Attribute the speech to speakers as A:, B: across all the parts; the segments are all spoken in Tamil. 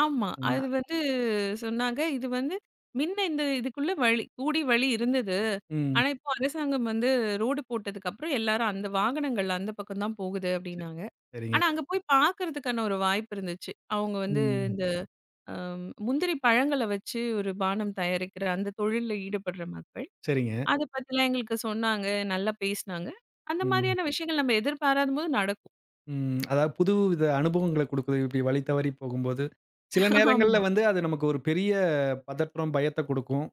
A: ஆமா.
B: ஆமா.
A: அது வந்து சொன்னாங்க. இது வந்து மின்ன இந்த இதுக்குள்ள வழி கூடி வழி இருந்தது.
B: ம்.
A: ஆனா இப்போ அரசாங்கம் வந்து ரோடு போட்டதுக்கப்புறம், எல்லாரும் அந்த வாகனங்கள் அந்தப் பக்கம் தான் போகுது
B: ச
A: அப்படின்னாங்க.
B: சரிங்க.
A: ஆனா அங்க போய்ப் பாக்குறதுக்கான ஒரு வாய்ப்பு இருந்துச்சு. அவங்க வந்து
B: ம்.
A: இந்த அம் முந்திரி பழங்கள்ல வச்சு ஒரு பானம் தயாரிக்கிற அந்தத் தொழில்ல ஈடுபட்ற மக்கள்.
B: சரிங்க.
A: அதைப் பத்தி எல்லாம் எங்களுக்கு சொன்னாங்க. நல்லா பேசுனாங்க. அந்த
B: ம்.
A: மாரியான விஷயங்கள் நம்ம எதிர்பாராத போது நடக்கும்.
B: ம். அதாவது புதுவித அனுபவங்கள்ல குடுக்குது, இப்படி வழி தவறிப் போகும்போது. சில நேரங்கள்ல
A: ஆமா.
B: வந்து, அது நமக்கு ஒரு பெரிய பதற்றம், பயத்தக் குடுக்கும்.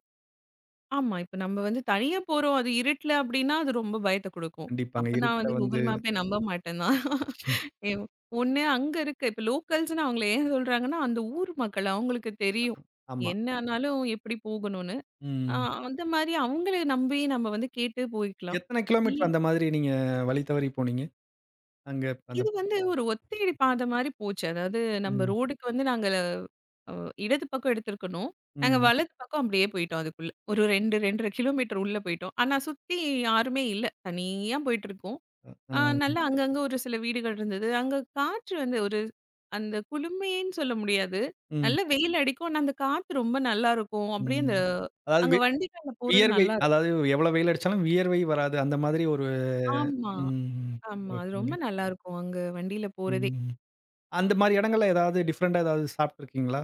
A: ஆமா, இப்ப நம்ம வந்து தனியா போறோம். அது இருட்டுல அப்படின்னா, அது ரொம்ப பயத்த குடுக்கும்.
B: கண்டிப்பாங்க.
A: அப்ப நான்
B: இருட்டுல
A: வந்து
B: வந்து.
A: கூகுள் மேப்பே நம்ப மாட்டேன் தான். ஏவ் ஒண்ணு அங்க இருக்கு இப்ப லோக்கல்ஸ்னு அவங்கள ஏன் சொல்றாங்கன்னா, அந்த ஊர் மக்கள் அவங்களுக்கு தெரியும்.
B: ஆமா.
A: என்ன ஆனாலும் எப்படி போகணும்னு. அ
B: ம்.
A: அந்த மாரி அவங்கள நம்பி நம்ம வந்து கேட்டுப் போயிக்கலாம்.
B: எத்தனை கிலோமீட்டர்
A: இல்
B: அந்த மாரி நீங்க வழி தவறிப் போனீங்க? அங்க அந்தப்
A: இது வந்து ஒரு ஒத்தையடி பாதை மாரி போச்சு. அதாவது நம்ம
B: ம்.
A: ரோடுக்கு வந்து நாங்கல வ் அ இடது பக்கம் எடுத்திருக்கணும். நாங்க
B: ம்.
A: வலது பக்கம் அப்படியே போயிட்டோம் அதுக்குள்ள. ஒரு 2, 2 1/2 கிலோமீட்டர் உள்ள போயிட்டோம். ஆனா, சுத்தி யாருமே இல்ல. தனியா போயிட்டிருக்கோம்.
B: அ
A: அ
B: ஹ,
A: நல்லா அங்கங்க ஒரு சில வீடுகள் இருந்தது. அங்க காற்று வந்து ஒரு அந்தக் குளுமைன்னு சொல்ல முடியாது.
B: ம்.
A: நல்ல வெயில் அடிக்கும். அந்தக் காற்று ரொம்ப நல்லா இருக்கும். அப்படியே அந்த
B: ம். அதாவது
A: அங்க
B: வே
A: வண்டியில போறது
B: வியர்வை.
A: நல்லா இருக்கும்.
B: அதாவது எவ்வளோ வெயில் அடிச்சாலும் வியர்வை வராது. அந்த மாதிரி ஒரு
A: ஆமா,
B: ம்.
A: ஆமா. அது
B: ஓகேங்க.
A: ரொம்ப நல்லா இருக்கும். அங்க வண்டியில போறதே.
B: ம். அந்த மாரி எடங்கள்ல ஏதாவது டிஃபரென்ட்டா ஏதாவது சாப்பிட்டு இருக்கீங்களா?